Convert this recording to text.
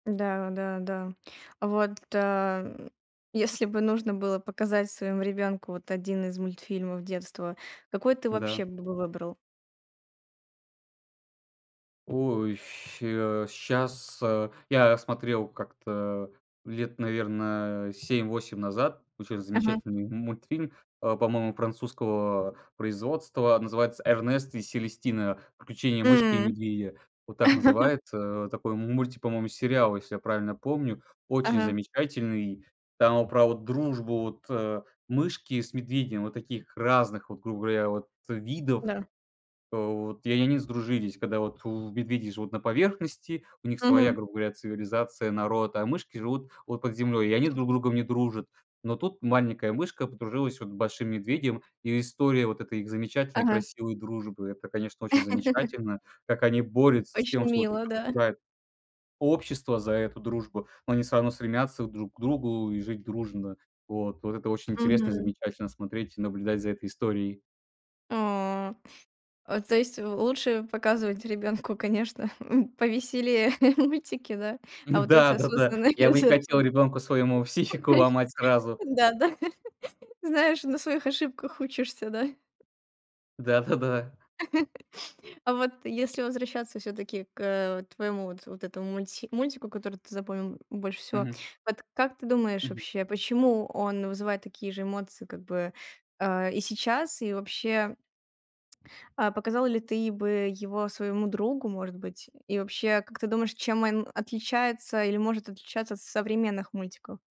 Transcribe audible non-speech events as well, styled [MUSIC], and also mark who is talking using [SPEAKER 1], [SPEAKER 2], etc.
[SPEAKER 1] Да, да, да. Вот, ам, если бы нужно было показать своему ребёнку вот 1 из мультфильмов детства, какой ты
[SPEAKER 2] Да.
[SPEAKER 1] вообще бы выбрал?
[SPEAKER 2] Ой, а щас а Я смотрел как-то лет, наверно, а, 7-8 назад очень
[SPEAKER 1] Мгм.
[SPEAKER 2] замечательный мультфильм, а, по-моему, французского производства, называется "Эрнест и Селестина". "Приключение мышки и
[SPEAKER 1] М.
[SPEAKER 2] медведя". Вот так
[SPEAKER 1] [LAUGHS]
[SPEAKER 2] называется. Вот такой мультик, по-моему, сериал, если я правильно помню. Очень
[SPEAKER 1] Ага.
[SPEAKER 2] замечательный. Там вот про вот дружбу вот, э, мышки с медведем вот таких разных, вот, грубо говоря, вот видов.
[SPEAKER 1] Да.
[SPEAKER 2] Вот. И они сдружились. Когда вот медведи живут на поверхности, у них своя,
[SPEAKER 1] Мгм.
[SPEAKER 2] грубо говоря, цивилизация, народ, а мышки живут вот под землей, и они друг с другом не дружат. Но тут маленькая мышка подружилась вот с большим медведем, и история вот этой их замечательной
[SPEAKER 1] Ага.
[SPEAKER 2] красивой дружбы- это, конечно, очень
[SPEAKER 1] [LAUGHS]
[SPEAKER 2] замечательно. Как они борются с
[SPEAKER 1] Очень
[SPEAKER 2] тем, что вот их
[SPEAKER 1] мило, да.
[SPEAKER 2] обсуждает общество за эту дружбу, но они всё равно стремятся друг к другу и жить дружно. Вот вот это очень интересно, и
[SPEAKER 1] Мгм.
[SPEAKER 2] замечательно смотреть и наблюдать за этой историей.
[SPEAKER 1] А. То есть, э, лучше показывать ребёнку, конечно, м, повеселее мультики, да. А вот эти
[SPEAKER 2] Да-да-да,
[SPEAKER 1] осознанные.
[SPEAKER 2] я бы не хотел ребенку своему психику
[SPEAKER 1] [UNINTELLIGIBLE]
[SPEAKER 2] ломать сразу.
[SPEAKER 1] Да, да, знаешь, на своих ошибках учишься, да.
[SPEAKER 2] Да-да-да.
[SPEAKER 1] [LAUGHS] А вот если возвращаться всё-таки к, э, вот твоему вот вот этому мульти мультику, который ты запомнил больше всего.
[SPEAKER 2] Мгм.
[SPEAKER 1] Вот как ты думаешь,
[SPEAKER 2] Мгм.
[SPEAKER 1] вообще, почему он вызывает такие же эмоции, как бы, а, и сейчас, и вообще а показал ли ты бы его своему другу, может быть, и вообще, как ты думаешь, чем он отличается или может отличаться от современных мультиков?